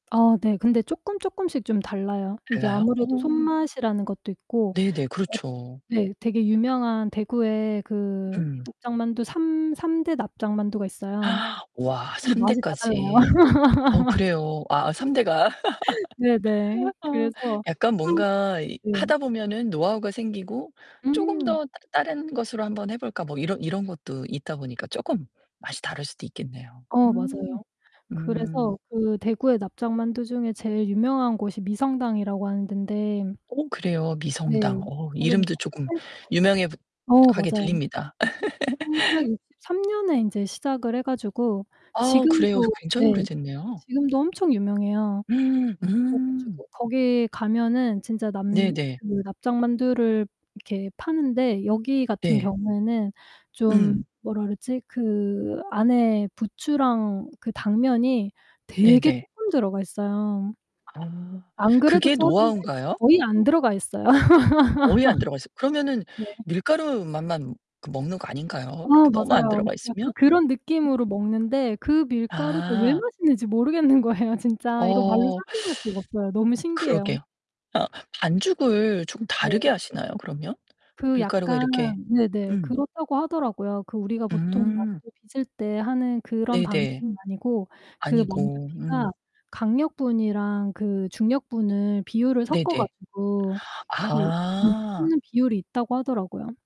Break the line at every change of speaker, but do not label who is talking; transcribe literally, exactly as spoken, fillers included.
아 네. 근데 쪼끔쪼끔씩 좀 달라요. 이게
달라요?
아무래도
어.
손맛이라는 것도 있고
네네.
엇
그렇죠.
네. 되게 유명한 대구에 그
음.
납작만두 삼 삼 대 납작만두가 있어요.
와
근데
삼
맛이 다 달라요.
대까지. 어 그래요. 아 삼 대가.
네네.
아.
그래서
약간
항
뭔가 이
네.
하다 보면은 노하우가 생기고 쪼금
음.
더 다른 것으로 한번 해 볼까? 뭐 이런 이런 것도 있다 보니까 쪼금 맛이 다를 수도 있겠네요.
어
음.
맞아요.
음.
그래서 그 대구의 납작만두 중에 제일 유명한 곳이 미성당이라고 하는 덴데
어 그래요?
네.
미성당. 어
거기는
이름도 쪼금
천팔백
유명해 보
어
하게
맞아요.
들립니다.
천구백육십삼 년에 인제 시작을 해 가지고
아우 그래요. 그
지금도
굉장히
네
오래됐네요.
지금도 엄청 유명해요. 그래
음.
가지고 거기 가면은 진짜 남
네네.
그 납작만두를 이렇게 파는데 여기 같은
네.
경우에는 좀
음.
뭐라 그러지? 그 안에 부추랑 그 당면이 되게
네네.
쪼끔 들어가 있어요.
아
안 그래도
그게
작은데
노하우인가요?
거의 안 들어가 있어요.
거의 안 들어가 있어요. 그러면은
네.
밀가루 맛만 그 먹는 거 아닌가요?
아
이렇게 너무 안
맞아요.
들어가
약간
있으면?
그런 느낌으로
음.
먹는데 그 밀가루가 왜
아.
맛있는지 모르겠는 거예요 진짜. 이거 말로
어.
설명할 수가 없어요. 너무 신기해요.
그러게요. 아. 반죽을 좀
네.
다르게 하시나요 그러면?
그
밀가루가
약간
이렇게
네네
음.
그렇다고 하더라고요. 그 우리가 보통
음.
만두 빚을 때 하는 그런
네네.
방식은 아니고 그
아니고. 음.
만두피가 강력분이랑 그 중력분을 비율을 섞어
네네.
가지고 이렇게 네
아.
섞는 비율이 있다고 하더라고요.